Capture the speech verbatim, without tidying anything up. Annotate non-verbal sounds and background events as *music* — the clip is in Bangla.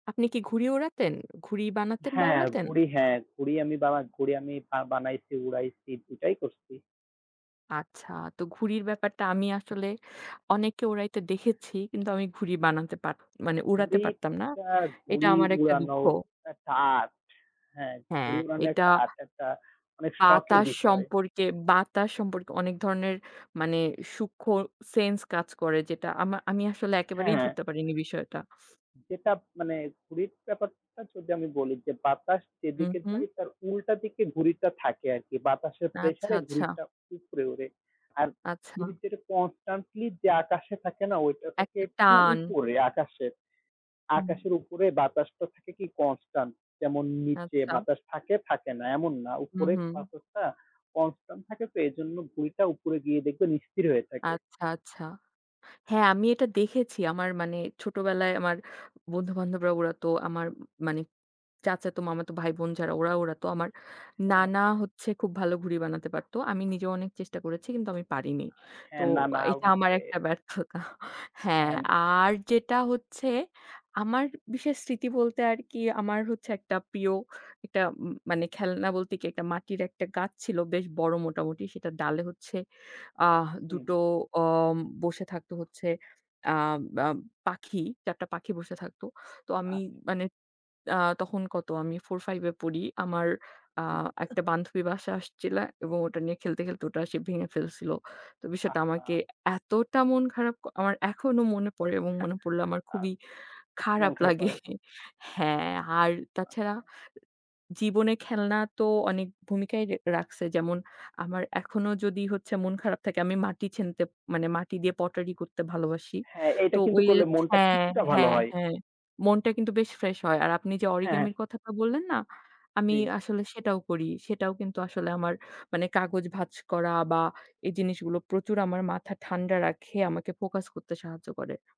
আপনি কি ঘুড়ি ওড়াতেন? ঘুড়ি বানাতেন বা হ্যাঁ, ওড়াতেন? ঘুড়ি হ্যাঁ। ঘুড়ি আমি বা ঘুড়ি আমি আ বানাইছি, উড়াইছি, দুই টাই করছি। আচ্ছা, তো ঘুড়ির ব্যাপারটা আমি আসলে অনেককে ওড়াইতে এ্যা দেখেছি। কিন্তু আমি ঘুড়ি বানাতে পারত মানে উড়াতে পারতাম না। ঘুড়িটা, এটা ঘুড়ি আমার একটা দুঃখ। উড়ানোও একটা আর্ট। হ্যাঁ, হ্যাঁ, ঘুড়ি উড়ানো এটা একটা আর্ট, একটা অনেক শখের বাতাস বিষয়। সম্পর্কে, বাতাস সম্পর্কে অনেক ধরনের মানে সূক্ষ্ম সেন্স কাজ করে, যেটা আমা আমি আসলে একেবারেই হ্যাঁ। ধরতে পারিনি বিষয়টা। *snorts* যেটাপ মানে ঘুড়ির ব্যাপারটা যদি আমি বলি, যে বাতাস হুম, যেদিকে হুম। যায় তার উল্টা দিকে ঘুড়িটা থাকে আরকি। বাতাসের আচ্ছা, প্রেসারে আচ্ছা। ঘুড়িটা উপরে ওড়ে। আর ঘুড়ি আচ্ছা। যেটা কন্সট্যান্টলি যে আকাশে থাকে না, ওইটা থাকে একটা একটু টান। উপরে আকাশের। হুম। আকাশের উপরে বাতাসটা থাকে কি কন্সট্যান্ট। যেমন নিচে আচ্ছা। বাতাস থাকে, থাকে না, এমন না। হুম, উপরে হুম। বাতাসটা কন্সট্যান্ট থাকে তো, এইজন্য ঘুড়িটা উপরে গিয়ে দেখবেন স্থির হয়ে থাকে। আচ্ছা, আচ্ছা। হ্যাঁ, আমি এটা দেখেছি, আমার মানে ছোটবেলায় আমার বন্ধু-বান্ধবরা ওড়াতো, আমার মানি চাচাতো, মামাতো ভাইবোন যারা ওরা ওড়াতো। আমার হ্যাঁ। নানা হচ্ছে খুব ভালো ঘুড়ি বানাতে পারতো। আমি নিজেও অনেক চেষ্টা করেছি, কিন্তু আমি পারিনি। আ তো হ্যাঁ, না, না, এটা আমার ঐযে একটা ব্যর্থতা হ্যাঁ, হ্যাম আর যেটা হচ্ছে আমার বিশেষ স্মৃতি বলতে আরকি আমার হচ্ছে একটা প্রিয়, একটা ম মানে খেলনা বলতে কি একটা মাটির একটা গাছ ছিল, বেশ বড় মোটামুটি। সেটার ডালে হচ্ছে, আহ! হুম। দুটো ওম বসে থাকতো হচ্ছে, আম আম পাখি, চার টা পাখি বসে থাকতো। তো আমি আচ্ছা। মানে আ তখন কত আমি ফোর-ফাইভ এ পড়ি। আমার আ জি। একটা বান্ধবী বাসায় আসছিলা এবং ওটা নিয়ে খেলতে, খেলতে, ওটা সে ভেঙে ফেলছিল। তো বিষয়টা আমাকে আহা! এতটা মন খারাপ ক আমার এখনো মনে পড়ে এবং মনে পড়লে *chuckles* আমার আ খুবই মন খারাপ খারাপ লাগে হয়। *chuckles* হ্যাঁ, আর তাছাড়া আচ্ছা। জীবনে খেলনা তো অনেক ভূমিকাই রে রাখছে। যেমন আমার এখনো যদি হচ্ছে মন খারাপ থাকে, আমি মাটি ছেনতে মানে মাটি দিয়ে পটারি করতে ভালোবাসি। হ্যাঁ, এটা তো কিন্তু ওই করলে ওচ মনটা হ্যাঁ, কিছুটা ভালো হ্যাঁ, হয়। হ্যাঁ, মনটা কিন্তু বেশ ফ্রেস হয়। আর আপনি যে হ্যাঁ। অরিগেমির কথাটা বললেন না, আমি জী। আসলে সেটাও করি। সেটাও কিন্তু আসলে আমার মানে কাগজ ভাঁজ করা বা এই জিনিসগুলো প্রচুর আমার মাথা ঠান্ডা রাখে, আমাকে ফোকাস করতে সাহায্য করে।